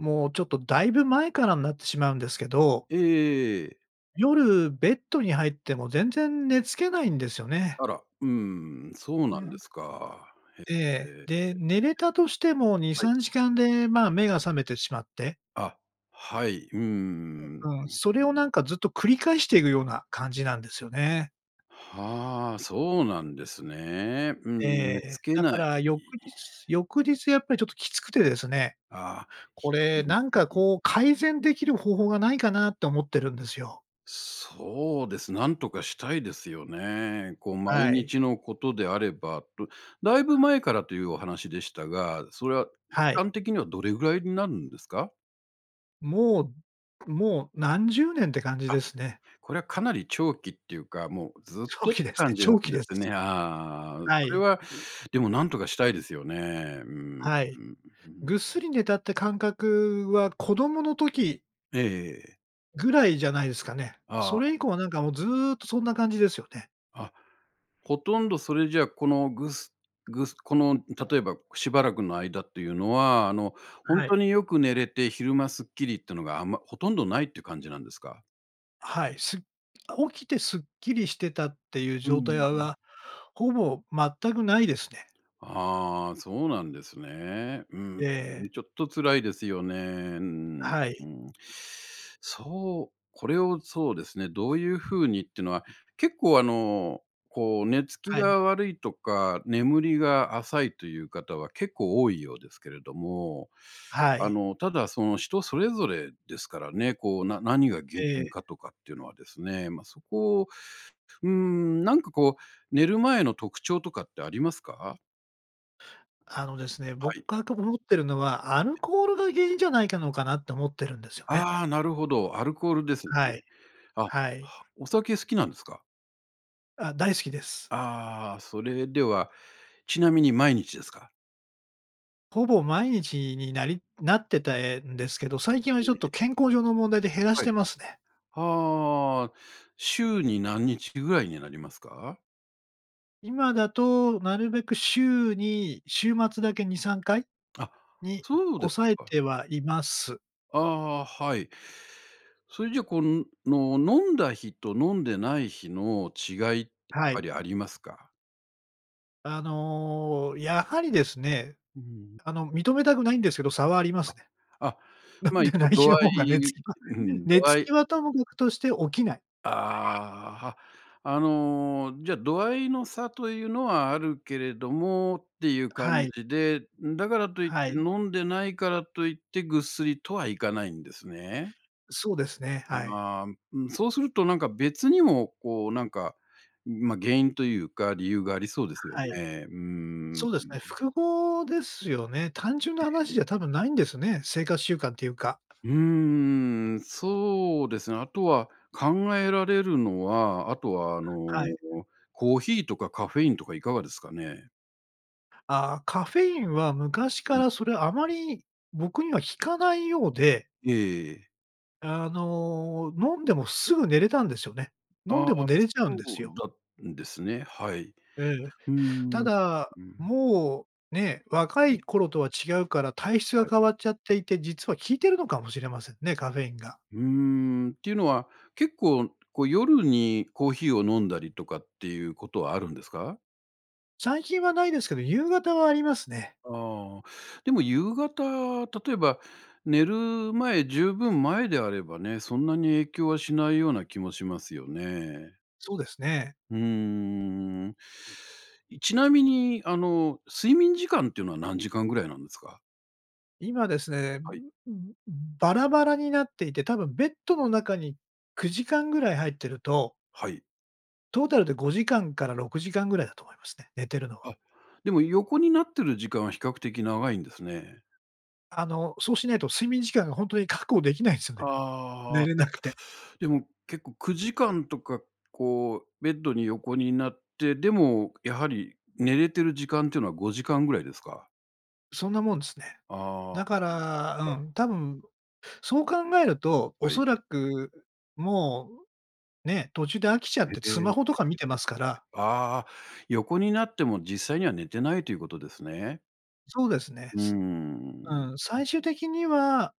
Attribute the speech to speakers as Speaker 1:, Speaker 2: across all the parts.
Speaker 1: もう、ちょっと、だいぶ前からになってしまうんですけど
Speaker 2: ええええええええ。
Speaker 1: 夜、ベッドに入っても全然寝付けないんですよね。
Speaker 2: あら、うーん、そう
Speaker 1: う
Speaker 2: な
Speaker 1: ん
Speaker 2: ん
Speaker 1: う
Speaker 2: で
Speaker 1: ん。
Speaker 2: すか。
Speaker 1: え
Speaker 2: へ
Speaker 1: え。
Speaker 2: え、。
Speaker 1: で、寝れたとしてもに
Speaker 2: はい。
Speaker 1: さんじかんで、まあ、目が覚めてしまって
Speaker 2: あ、はい。うー
Speaker 1: え、
Speaker 2: ん、ん。
Speaker 1: うん、それをなんかずっと繰り返していくような感じなんですよね。
Speaker 2: はあ、そうなんですね。うんう
Speaker 1: え
Speaker 2: ん、寝
Speaker 1: え。
Speaker 2: つけ
Speaker 1: だ
Speaker 2: ない。
Speaker 1: か
Speaker 2: いえ
Speaker 1: ら翌
Speaker 2: ええ。
Speaker 1: 日翌日やっぱりちょっときつくてですね、
Speaker 2: ああ。ひ
Speaker 1: こ
Speaker 2: う
Speaker 1: れ
Speaker 2: ん、う
Speaker 1: なんか、
Speaker 2: ううん。
Speaker 1: こう、改善できる方法がないかなと思ってるんですよ。
Speaker 2: そうです、なんとかしたいですよね。こう、毎
Speaker 1: はい。
Speaker 2: 日のことであれば、と、だいぶ前からというお話でしたが、それは
Speaker 1: はい。
Speaker 2: かんてきにはどれぐらいになるんですか？
Speaker 1: もうもう、何十年って感じ
Speaker 2: あ、
Speaker 1: ですね。
Speaker 2: これはかなり長期っていうか、もうずっ
Speaker 1: 長
Speaker 2: とっ
Speaker 1: 期
Speaker 2: て
Speaker 1: ですね。
Speaker 2: 感じな
Speaker 1: 長
Speaker 2: ん
Speaker 1: 期
Speaker 2: で
Speaker 1: です。
Speaker 2: すね、ああああ、う
Speaker 1: は
Speaker 2: それ
Speaker 1: い。
Speaker 2: は、でも、なんとかしたいですよね。うーん、ん、う
Speaker 1: はい。
Speaker 2: うん。
Speaker 1: ぐっすり寝たって感覚は子供の時
Speaker 2: ええええ。
Speaker 1: ぐらいじゃないですかね。
Speaker 2: あ
Speaker 1: そ
Speaker 2: あ。
Speaker 1: れ以降はなんかもう、ずっとそんな感じですよね。
Speaker 2: あ、ほとんどそれじゃこのぐすぐすこの例えば、しばらくの間っていうのは、あの本
Speaker 1: はい。
Speaker 2: 当によく寝れて昼間スッキリってのがあんま、ほとんど無いって感じなんですか？
Speaker 1: はい。す起きてスッキリしてたっていう
Speaker 2: う
Speaker 1: 状
Speaker 2: んう
Speaker 1: 態
Speaker 2: ん
Speaker 1: あう
Speaker 2: うん。
Speaker 1: は、ほぼ全く無いですね。
Speaker 2: ああ、そうなんですね。うー
Speaker 1: ええ。
Speaker 2: ん。ちょっと辛いですよね。うーん、
Speaker 1: はい。
Speaker 2: うん。そう、これをそうですね、どういう風にってのは、結構あの、こう寝つき
Speaker 1: はい。
Speaker 2: が悪いとか眠りが浅いという方は結構多いようですけれども、
Speaker 1: は
Speaker 2: あ
Speaker 1: い。
Speaker 2: のただその人それぞれですからね。こう、な何が原
Speaker 1: え
Speaker 2: 因
Speaker 1: え。
Speaker 2: かとかっていうのはですね。ま、そこを、うーん。なんかこう、寝る前の特徴とかってありますか？
Speaker 1: あのですね、僕
Speaker 2: はい。
Speaker 1: がく、思ってるのは、アル
Speaker 2: え。
Speaker 1: コールが原因じゃないかのかなって思ってるんですよね。
Speaker 2: ああ、なるほど。アルコールですね。
Speaker 1: はい。
Speaker 2: あ、
Speaker 1: はい。
Speaker 2: お酒好きなんですか？
Speaker 1: ああ、大好きです。
Speaker 2: ああ、それでは、ちなみに毎日ですか？
Speaker 1: ほぼ毎日になりなってたえんですけど、最近は
Speaker 2: え
Speaker 1: ちょっ
Speaker 2: え
Speaker 1: と、
Speaker 2: ええ。
Speaker 1: 健康上の問題で減らし
Speaker 2: は
Speaker 1: て
Speaker 2: い。
Speaker 1: ますね。
Speaker 2: ああ、週に何日ぐらいになりますか？
Speaker 1: 今だと、なるべく週に、週末だけ2、3回
Speaker 2: あ、
Speaker 1: に
Speaker 2: そうです
Speaker 1: 抑え
Speaker 2: か。
Speaker 1: てはいます。
Speaker 2: ああ、はい。それじゃ、こう、の飲んだ日と飲んでない日の違い、やっ
Speaker 1: はい。
Speaker 2: ぱりありますか？
Speaker 1: あの、やはりですね、
Speaker 2: うん。
Speaker 1: あの認めたくないんですけど、差はありま
Speaker 2: あ。
Speaker 1: すね。
Speaker 2: あ、
Speaker 1: 飲ん
Speaker 2: ま、
Speaker 1: で
Speaker 2: 一応
Speaker 1: ない
Speaker 2: 度
Speaker 1: 日の
Speaker 2: 合
Speaker 1: 方が寝つ
Speaker 2: い、
Speaker 1: きは、
Speaker 2: うん
Speaker 1: 寝
Speaker 2: 度
Speaker 1: つ
Speaker 2: 合
Speaker 1: き
Speaker 2: い
Speaker 1: はともかくとして起きない。
Speaker 2: ああ、は、あの、じゃ、度合いの差というのは、あるけれどもっていう感
Speaker 1: はい。
Speaker 2: じで、うん、だからといって、
Speaker 1: はい。
Speaker 2: 飲んでないからといって、ぐっすりとはいかないんですね？
Speaker 1: そうですね、はい。
Speaker 2: ああ、うん、そうするとなんか、別にも、こうなんか、ま、原因というか、理由がありそうですよ
Speaker 1: はい。
Speaker 2: ね。うーん、うん。
Speaker 1: そうですね。複合ですよね。単純な
Speaker 2: え
Speaker 1: 話
Speaker 2: え。
Speaker 1: じゃ、多分ないんですね、生活習慣というか。
Speaker 2: うーん、そうですね。あとは、考えられるのは、あとは、あの
Speaker 1: はい。
Speaker 2: コーヒーとかカフェインとかいかがですかね？
Speaker 1: ああ、カフェインは昔
Speaker 2: う
Speaker 1: か
Speaker 2: ん。
Speaker 1: らそれは、あまり僕には効かないようで、
Speaker 2: ええええええ。
Speaker 1: あの、飲んでもすぐ寝れたんですよね。飲ん
Speaker 2: ああ、
Speaker 1: でも寝れちゃうんで
Speaker 2: そ
Speaker 1: す
Speaker 2: う
Speaker 1: よ。
Speaker 2: だんですね。はい。
Speaker 1: ええええ。
Speaker 2: うーん。
Speaker 1: た
Speaker 2: う
Speaker 1: だ、
Speaker 2: ーん。
Speaker 1: もうね、若
Speaker 2: ええ。
Speaker 1: い頃とは違うから、体質が
Speaker 2: はい。
Speaker 1: 変わっちゃっていて、実は効いてるのかもしれませんね、カフェインが。
Speaker 2: うーん。ていうのは結構、こう夜にコーヒーを飲んだりとかっていうことはあるんですか？
Speaker 1: 最近はないですけど、夕方はありますね。
Speaker 2: ああ。でも夕方、例えば寝る前、十分前であればね、そんなに影響はしないような気もしますよね。
Speaker 1: そうですね。
Speaker 2: うーん。いちなみに、あの、睡眠時間っていうのは何時間ぐらいなんですか？
Speaker 1: 今ですね、
Speaker 2: はい。
Speaker 1: うん、うん、うん、バラバラになっていて、多分ベッドの中に9時間ぐらい入ってると
Speaker 2: はい。
Speaker 1: トータルで5時間から6時間ぐらいだと思いますね、寝てるのは。
Speaker 2: あ、でも横になってる時間は比較的長いんですね。
Speaker 1: あの、そうしないと、睡眠時間がほんとに確保できないんすよね。寝
Speaker 2: ああ、
Speaker 1: れなくて。
Speaker 2: でも結構、9時間とかこう、ベッドに横になって、でもやはり、寝れてる時間っていうのは、5時間ぐらいですか？
Speaker 1: そんなもんですね。
Speaker 2: ああ、
Speaker 1: だか
Speaker 2: うん、も
Speaker 1: ら
Speaker 2: うはい。
Speaker 1: うん、多分そう考えると、
Speaker 2: はい。
Speaker 1: 恐らく、うもう、ね、途中で飽きちゃって、
Speaker 2: えええ、ええええ
Speaker 1: ツ
Speaker 2: え
Speaker 1: マ
Speaker 2: え、
Speaker 1: ホとか見てますから。
Speaker 2: ああ、横になっても、実際には寝てないということですね？
Speaker 1: そうですね。
Speaker 2: うー
Speaker 1: すう
Speaker 2: ん、
Speaker 1: ん、
Speaker 2: うん。
Speaker 1: 最終的には、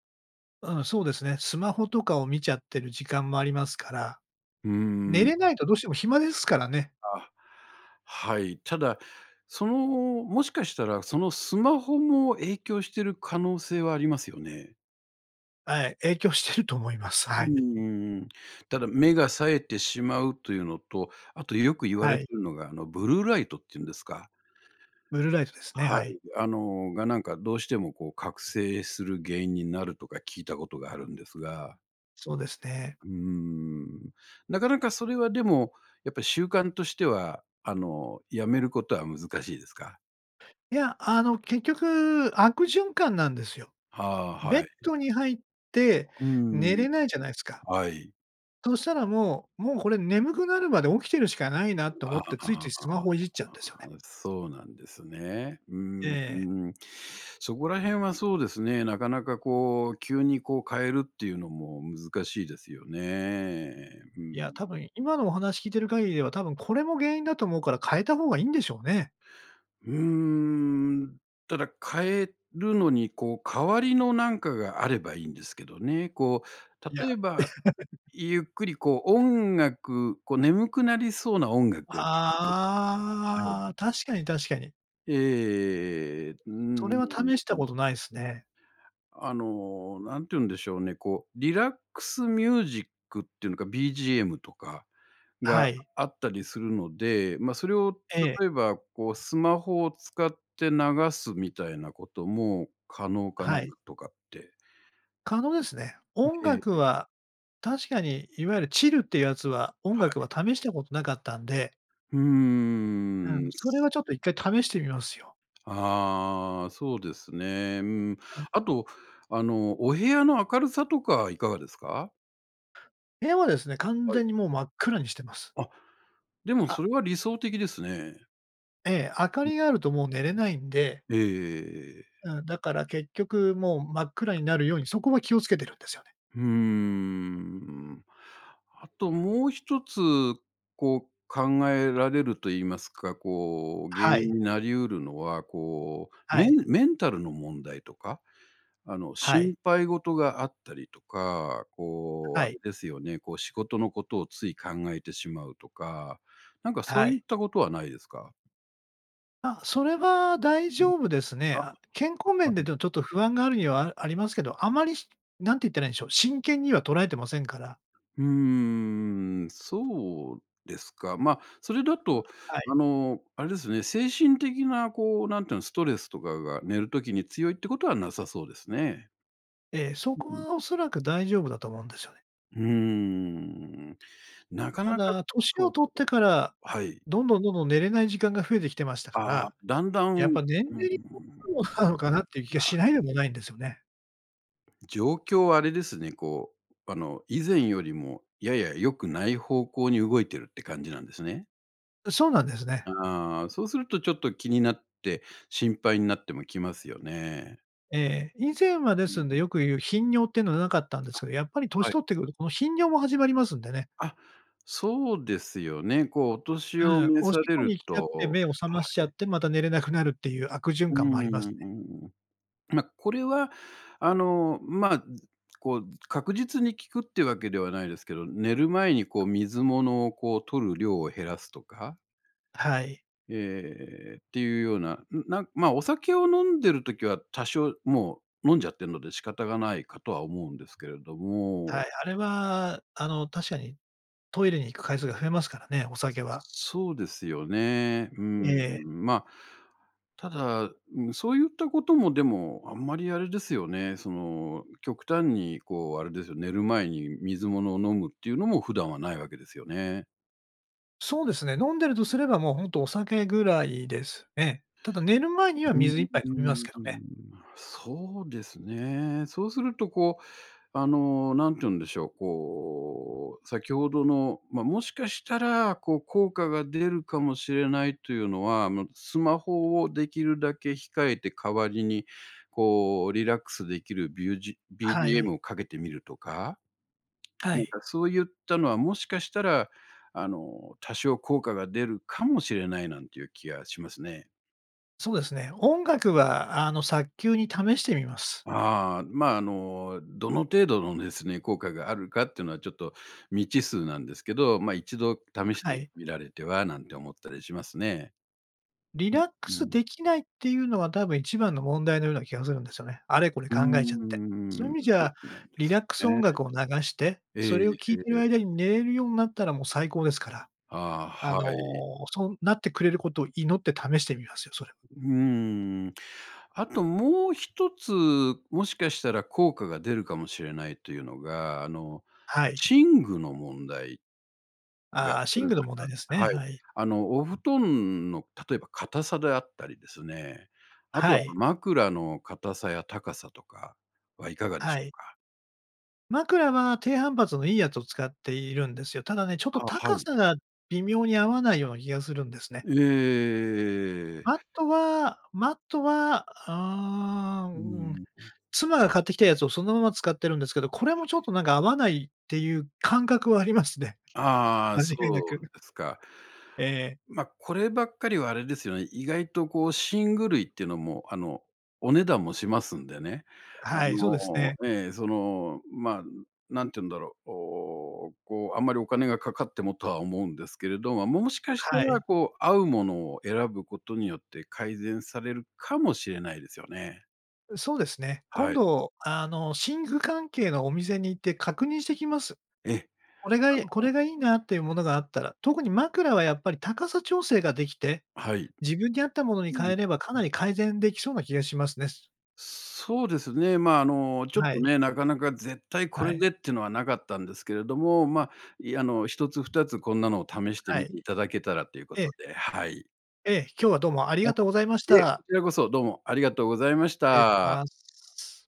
Speaker 1: うん、そうですね。スマホとかを見ちゃってる時間もありますから。
Speaker 2: うー
Speaker 1: 寝
Speaker 2: ん。
Speaker 1: れないとどうしても暇ですからね。
Speaker 2: あ、はい。ただ、その、もしかしたら、そのスマホも影響してる可能性はありますよね？
Speaker 1: あい、影響してると思います。
Speaker 2: う
Speaker 1: はい。
Speaker 2: んうんうん。ただ、目が冴えてしまうというのと、あと、よく言わ
Speaker 1: は
Speaker 2: れる
Speaker 1: い。
Speaker 2: のが、あの、ブルーライトっていうんですか。
Speaker 1: ブルーライトですね、
Speaker 2: はい、
Speaker 1: はい。
Speaker 2: あの、が、なんか、どうしてもこう、覚醒する原因になるとか聞いたことがあるんですが。
Speaker 1: そうですね。
Speaker 2: うーん。なかなかそれはでも、やっぱり習慣としては、あの、やめることは難しいですか？
Speaker 1: いや、あの、結局、悪循環なんですよ。
Speaker 2: はあ、
Speaker 1: ベッ
Speaker 2: はい。
Speaker 1: ドに入って
Speaker 2: うー
Speaker 1: 寝
Speaker 2: ん。
Speaker 1: れないじゃないすか。
Speaker 2: はい。
Speaker 1: そしたらもうもうこれ眠くなるまで起きてるしかないなと
Speaker 2: あ
Speaker 1: 思
Speaker 2: あ
Speaker 1: って、
Speaker 2: ああ
Speaker 1: つい
Speaker 2: あ
Speaker 1: ついス
Speaker 2: あ
Speaker 1: マ
Speaker 2: ああ。
Speaker 1: ホいじっちゃうんですよね。
Speaker 2: そうなんですね。うーんう
Speaker 1: ええ。
Speaker 2: ーん、そこら辺はそうですね、なかなかこう、急にこう、変えるっていうのも難しいですよね。うー
Speaker 1: いや、
Speaker 2: ん。
Speaker 1: 多分、今のお話聞いてる限りでは、多分これも原因だと思うから、変えた方がいいんでしょうね。
Speaker 2: うーん。ただ変えるのにこう、代わりのなんかがあればいいんですけどね。こ
Speaker 1: い
Speaker 2: う、
Speaker 1: や。
Speaker 2: 例えば ゆっくりこう音楽、こう眠くなりそうな音楽を聴くとか。は
Speaker 1: ああ、
Speaker 2: い。
Speaker 1: 確かに確かに。
Speaker 2: ええええええええ。うー
Speaker 1: それは試した
Speaker 2: ん。
Speaker 1: ことないすね。
Speaker 2: あの、何て言うんでしょうね、こう、リラックスミュージックっていうのか、BGM とか、が、
Speaker 1: はい。
Speaker 2: あったりするので、ま、それを
Speaker 1: ええ。
Speaker 2: 例えばこうスマホを使って流すみたいなことも可能かな、
Speaker 1: は
Speaker 2: なん
Speaker 1: い。
Speaker 2: とかって。
Speaker 1: 可能ですね。
Speaker 2: ん、
Speaker 1: 音
Speaker 2: ええ
Speaker 1: 楽
Speaker 2: ええ。
Speaker 1: は、確かに、いわゆるチルっていうやつは、音
Speaker 2: は
Speaker 1: 楽は
Speaker 2: い。
Speaker 1: 試したことなかったんで。
Speaker 2: ふー
Speaker 1: うん。
Speaker 2: ん。
Speaker 1: それはちょっと一回試してみますよ。
Speaker 2: ああ、そうですね。うーん。
Speaker 1: あ。
Speaker 2: あと、あのお部屋の明るさとかいかがですか？
Speaker 1: 部屋はですね、完
Speaker 2: はい。
Speaker 1: 全にもう真っ暗にしてます。
Speaker 2: あ、でも、
Speaker 1: あ。
Speaker 2: それは理想的ですね。
Speaker 1: ええ、明か
Speaker 2: うん、
Speaker 1: りが
Speaker 2: あ、
Speaker 1: あるともう寝れないんで。
Speaker 2: うん。ええええええ。
Speaker 1: うん、だから結局もう真っ暗になるように、そこは気を付けてるんですよね。
Speaker 2: ふーん。あともう一つ、こう考えられると言いますか、こう、原
Speaker 1: は
Speaker 2: 因
Speaker 1: い。
Speaker 2: になりうるのは、こう、
Speaker 1: は
Speaker 2: メ
Speaker 1: い。
Speaker 2: ンメンタルの問題とか、あの、
Speaker 1: はい。
Speaker 2: 心配事があったりとか、こう、
Speaker 1: は
Speaker 2: あ
Speaker 1: い。
Speaker 2: れですよね、こう、仕事のことをつい考えてしまうとか、なんかそ
Speaker 1: は
Speaker 2: ういっ
Speaker 1: い。
Speaker 2: たことはないですか？
Speaker 1: あ、それは大
Speaker 2: うん
Speaker 1: 丈
Speaker 2: う
Speaker 1: 夫
Speaker 2: ん、
Speaker 1: ですね。
Speaker 2: あ、
Speaker 1: あ、健康面で、
Speaker 2: はい。
Speaker 1: どちょっと不安があるには、あありますけど、あまり、しなんて言ったらいいんでしょう、真剣には捉えてませんから。
Speaker 2: うーん、そうですか。ま、それだ
Speaker 1: あ、
Speaker 2: と
Speaker 1: はい。
Speaker 2: あの、あれですね、精神的なこう、なんていうの、ストレスとかが寝る時に強いってことはなさそうですね。
Speaker 1: ええ、そ
Speaker 2: う
Speaker 1: こ
Speaker 2: ん。
Speaker 1: はおそらく大丈夫だと思うんですよね。
Speaker 2: うーん、なか
Speaker 1: た
Speaker 2: なか、
Speaker 1: だ年を
Speaker 2: こ
Speaker 1: 取っ
Speaker 2: う
Speaker 1: てから、
Speaker 2: はい。
Speaker 1: どんどんどんどん寝れない時間が増えてきてましたか
Speaker 2: ああ、
Speaker 1: ら、
Speaker 2: だんだん
Speaker 1: や
Speaker 2: う
Speaker 1: っ
Speaker 2: ん、
Speaker 1: ぱ年
Speaker 2: うー
Speaker 1: 齢に
Speaker 2: ん、
Speaker 1: なのかなっていう気が
Speaker 2: あ
Speaker 1: しないでもないんですよね。
Speaker 2: 状況はあれですね、こう、あの、以前よりもやや良くない方向に動いてるって感じなんですね？
Speaker 1: う、そうなんですね。
Speaker 2: ああ、あ、そうするとちょっと気になって、心配になってもきますよね。
Speaker 1: ええ、以前は、で
Speaker 2: う
Speaker 1: す
Speaker 2: ん
Speaker 1: ん
Speaker 2: う
Speaker 1: で、
Speaker 2: ん。
Speaker 1: よく言う、頻尿ってのはなかったんで
Speaker 2: あ、
Speaker 1: すけど、やっぱり年
Speaker 2: はい。
Speaker 1: 取ってくるこの頻尿も始まりますんでね。
Speaker 2: あ、そうですよね。こう、お年を
Speaker 1: ええ、
Speaker 2: 召
Speaker 1: おし
Speaker 2: さ
Speaker 1: っ
Speaker 2: れ
Speaker 1: こに
Speaker 2: る
Speaker 1: 行きたくて
Speaker 2: と
Speaker 1: 目を覚ましち
Speaker 2: は
Speaker 1: ゃっ
Speaker 2: い。
Speaker 1: て、また、寝れなくなるっていう悪循
Speaker 2: うううう
Speaker 1: 環
Speaker 2: う
Speaker 1: もありますね。
Speaker 2: ん、うん、ま、これは、あの、まあ、ん、こう、確実に効くっていうわけではないですけど、寝る前にこう、水物をこう、取る量を減らすとか
Speaker 1: あ、はい。
Speaker 2: ええええ、えええ、っていうような、ん、なんま、お酒を飲んでる時は、多少もう、飲んじゃってるので仕方がないかとは思うんですけれど
Speaker 1: は
Speaker 2: も
Speaker 1: い、あれは、あの、確かにトイレに行く回数が増えますからね、お酒は。
Speaker 2: そうですよね。うー
Speaker 1: え
Speaker 2: ん、
Speaker 1: え。
Speaker 2: ま、ただ、うん、そういったことも、でも、あんまりあれですよね、その、極端にこう、あれですよ、寝る前に水物を飲むっていうのも普段はないわけですよね？
Speaker 1: そうですね。飲んでるとすれば、もうほんとお酒ぐらいですね。ただ、寝る前に
Speaker 2: う
Speaker 1: は
Speaker 2: ーん
Speaker 1: 水一杯
Speaker 2: うー
Speaker 1: 飲みますけどね。
Speaker 2: ん、まあ、そうですね。そうするとこう、あの、何て言うんでしょう、こう、先ほどの、ま、もしかしたら、こう、効果が出るかもしれないというのは、あの、スマホをできるだけ控えて代わりに、こう、リラックスできる、ビュージ
Speaker 1: は
Speaker 2: BGM
Speaker 1: い。
Speaker 2: をかけてみるとか。
Speaker 1: は
Speaker 2: なん
Speaker 1: い。
Speaker 2: かそういったのは、もしかしたら、あの、多少効果が出るかもしれないなんていう気がしますね。
Speaker 1: そうですね。音楽は、あの、早急に試してみます。
Speaker 2: ああ。まあ、あの、どの程度のですね、効果があるかっていうのは、ちょっと未知数なんですけど。ま、一度試し
Speaker 1: あ、は
Speaker 2: て
Speaker 1: い。
Speaker 2: みられてはなんて思ったりしますね。
Speaker 1: リ
Speaker 2: う、
Speaker 1: ラック
Speaker 2: う
Speaker 1: ス
Speaker 2: ん。
Speaker 1: できないっていうのは、多分一番の問題のような気がするんですよね。あれこれ
Speaker 2: うー
Speaker 1: 考えちゃって。そういう
Speaker 2: ん。
Speaker 1: 意味じ
Speaker 2: そ
Speaker 1: ゃ、
Speaker 2: うなんで
Speaker 1: リラ
Speaker 2: す
Speaker 1: ックス音
Speaker 2: ね。
Speaker 1: 楽を流して、
Speaker 2: ええ、
Speaker 1: そ
Speaker 2: え
Speaker 1: れ
Speaker 2: い、
Speaker 1: を聞
Speaker 2: え
Speaker 1: いて
Speaker 2: ええ
Speaker 1: る
Speaker 2: え。
Speaker 1: 間に寝れるようなったらもう最高ですから。
Speaker 2: ああ、
Speaker 1: あの、
Speaker 2: はい。
Speaker 1: そうなってくれることを祈って試してみますよ、それ。
Speaker 2: うーん。あともう一つ、もしかしたら効果が出るかもしれないというのが、あの、
Speaker 1: はい。
Speaker 2: 寝具の問題が
Speaker 1: ああ、
Speaker 2: あ
Speaker 1: 寝
Speaker 2: る
Speaker 1: 具
Speaker 2: か
Speaker 1: の問
Speaker 2: な。
Speaker 1: 題ですね。
Speaker 2: はい。
Speaker 1: はい。
Speaker 2: あの、お布団の、例えば、硬さであったりですね、あと
Speaker 1: は
Speaker 2: は
Speaker 1: い。
Speaker 2: 枕の硬さや高さとかはいかがで
Speaker 1: は
Speaker 2: しょう
Speaker 1: い。
Speaker 2: か？
Speaker 1: 枕は、低反発のいいやつを使っているんですよ。ただね、ちょっと、
Speaker 2: あ、は
Speaker 1: 高
Speaker 2: い。
Speaker 1: さが微妙に合わないような気がするんですね。
Speaker 2: ええ。
Speaker 1: あとは、マットは、ああ。う
Speaker 2: うー
Speaker 1: ん。
Speaker 2: ん、うん。
Speaker 1: 妻が買ってきたやつをそのまま使ってるんですけど、これ
Speaker 2: は
Speaker 1: も、ちょっ
Speaker 2: い。
Speaker 1: と、なんか、合わないっていう感覚はありますね。
Speaker 2: ああ、
Speaker 1: 間違いな
Speaker 2: そ
Speaker 1: く。
Speaker 2: うですか。
Speaker 1: ええ。
Speaker 2: ま、こればっかりはあれですよね、意外と、こう、寝具類っていうのも、あの、お値段もしますんでね。あ
Speaker 1: はい、そうです
Speaker 2: の、
Speaker 1: ね。
Speaker 2: ええ、その、ま、何て言うんだろう。おお、こう、あんまりお金がかかってもとは思うんですけれど。ま、もしかした
Speaker 1: は
Speaker 2: ら、
Speaker 1: い。
Speaker 2: こう、合うものを選ぶことによって、改善されるかもしれないですよね。
Speaker 1: うん、そうですね。今
Speaker 2: はい。
Speaker 1: 度、あの、寝具関係のお店に行って確認してきます。
Speaker 2: ええ、
Speaker 1: これが
Speaker 2: あ
Speaker 1: えこ
Speaker 2: の
Speaker 1: れがいいなっていうものがあったら、特に枕は、やっぱり、高さ調整ができて、
Speaker 2: はい。
Speaker 1: 自分に合ったものに
Speaker 2: う
Speaker 1: 変
Speaker 2: ん、
Speaker 1: えれば、か
Speaker 2: うん。
Speaker 1: なり改善できそうな気がしますねす。
Speaker 2: そうですね。ま、あの、ちょっ
Speaker 1: は
Speaker 2: と
Speaker 1: い。
Speaker 2: ね、なかなか絶対こ
Speaker 1: は
Speaker 2: れ
Speaker 1: い。
Speaker 2: でってのはなかったんですけれども、ま、いあの、
Speaker 1: あ。
Speaker 2: 1つ、2つ、こんなのを試して
Speaker 1: あ、は
Speaker 2: み
Speaker 1: い。
Speaker 2: ていただけたらというこ
Speaker 1: ええ。
Speaker 2: とで、はい。
Speaker 1: ええ。今日はどうもあり
Speaker 2: あ、
Speaker 1: がとうございまし
Speaker 2: いえ、
Speaker 1: た。
Speaker 2: こちらこそどうもありがとうございまし
Speaker 1: 礼し
Speaker 2: た。
Speaker 1: ます。